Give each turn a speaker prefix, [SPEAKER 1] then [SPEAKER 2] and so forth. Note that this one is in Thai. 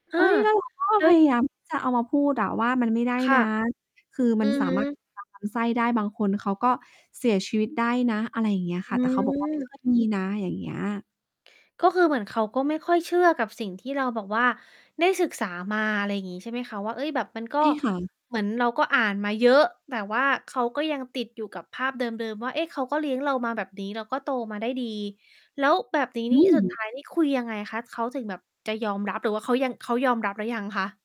[SPEAKER 1] อ
[SPEAKER 2] เ
[SPEAKER 1] า
[SPEAKER 2] ฮ้ย แล้วเราก็
[SPEAKER 1] เฮ่
[SPEAKER 2] พ
[SPEAKER 1] ย!
[SPEAKER 2] ยายามที่จะ เอามาพูดอะว่า "มันไม่ได้
[SPEAKER 1] ค่
[SPEAKER 2] น
[SPEAKER 1] ะ
[SPEAKER 2] ะ คือ
[SPEAKER 1] อ
[SPEAKER 2] มั
[SPEAKER 1] ื
[SPEAKER 2] น
[SPEAKER 1] อ
[SPEAKER 2] สา
[SPEAKER 1] ฮ
[SPEAKER 2] มารถ
[SPEAKER 1] ึ
[SPEAKER 2] กัดลำไส้ ได้ บางคนเขาก็เสียชีวิตได้นะ" อะไรอย่างเงี้ย
[SPEAKER 1] อ
[SPEAKER 2] ค่
[SPEAKER 1] ื
[SPEAKER 2] ะ แต่เขาบอกว่า "ไม่
[SPEAKER 1] ม
[SPEAKER 2] ค่อยมีนะ" อย่างเงี้ย
[SPEAKER 1] ก็คือเหมือนเขาก็ไม่ค่อยเชื่อกับสิ่งที่เราแบบว่าได้ศึกษามา อะไรอย่างงี้ ใช่ไหมคะ ว่า เฮ่ย! แบบมันก็
[SPEAKER 2] ใช่ค่ะ
[SPEAKER 1] เหมือนเราก็อ่านมาเยอะ แต่ว่าเขาก็ยังติดอยู่กับภาพเดิม ๆ ว่า "เอ๊ะ เขาก็เลี้ยงเรามาแบบนี้ เราก็โตมาได้ดี" แล้วแบบนี้
[SPEAKER 2] อื
[SPEAKER 1] นี่ สุดท
[SPEAKER 2] ม
[SPEAKER 1] ้าย นี่คุยยังไงคะ? เขาถึงแบบจะยอมรับหรือว่าเขายัง เขายอมรับหรือยังคะ?